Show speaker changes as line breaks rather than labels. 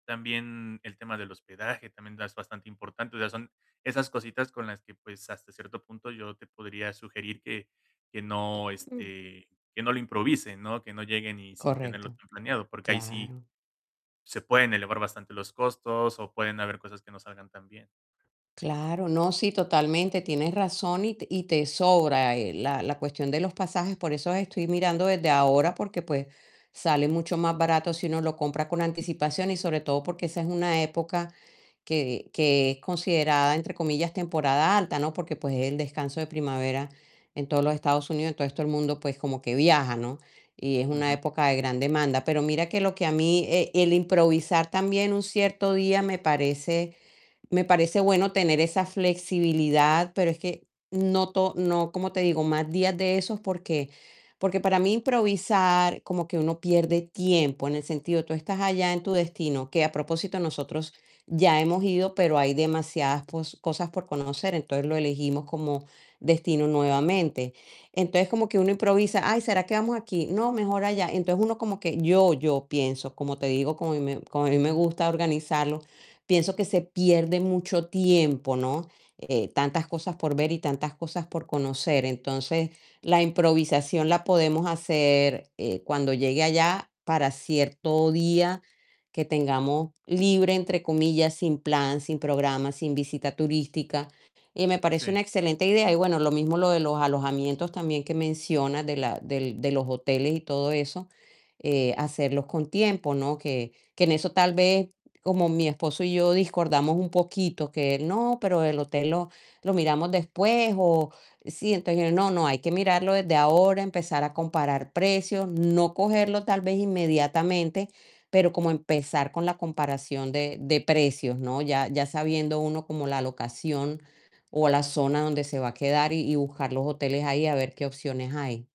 También el tema del hospedaje, también es bastante importante, o sea, son esas cositas con las que, pues hasta cierto punto yo te podría sugerir que que no,
Mm.
este que no lo improvisen, ¿no?, que no lleguen y sin tenerlo
Correcto.
todo planeado, porque ahí sí
Claro.
se pueden elevar bastante los costos o pueden haber cosas que no salgan tan bien.
Claro, no, sí, totalmente, tienes razón y te y te sobra, eh, la la cuestión de los pasajes, por eso estoy mirando desde ahora, porque pues sale mucho más barato si uno lo compra con anticipación y sobre todo porque esa es una época que, que es considerada entre comillas "temporada alta", ¿no?, porque pues es el descanso de primavera en todos los Estados Unidos, en todo esto el mundo, pues como que viaja, ¿no?, y es una
Ujú.
época de gran demanda, pero mira que lo que a mí, eh, el improvisar también un cierto día me parece, me parece bueno tener esa flexibilidad, pero es que no to no, como te digo, más días de esos porque, porque para mí improvisar como que uno pierde tiempo en el sentido, tú estás allá en tu destino, que a propósito nosotros ya hemos ido, pero hay demasiadas pos cosas por conocer, entonces lo elegimos como destino nuevamente, entonces como que uno improvisa: "Ay, ¿será que vamos aquí?, no, mejor allá", entonces uno como que yo yo pienso, como te digo, como a mí me como a mí me gusta organizarlo, pienso que se pierde mucho tiempo, ¿no?, eh, tantas cosas por ver y tantas cosas por conocer, entonces la improvisación la podemos hacer, eh, cuando llegue allá para cierto día que tengamos libre, entre comillas, "sin plan, sin programa, sin visita turística" y me parece
Sí.
una excelente idea, y bueno, lo mismo lo de los alojamientos también que mencionas de la del de los hoteles y todo eso, eh, hacerlos con tiempo, ¿no?, que que en eso tal vez como mi esposo y yo discordamos un poquito, que él: "No, pero el hotel lo lo miramos después", o sí, entonces: "No, no, hay que mirarlo desde ahora, empezar a comparar precios", no cogerlo tal vez inmediatamente, pero como empezar con la comparación de de precios, ¿no?, ya ya sabiendo uno como la locación o la zona donde se va a quedar y y buscar los hoteles ahí a ver qué opciones hay.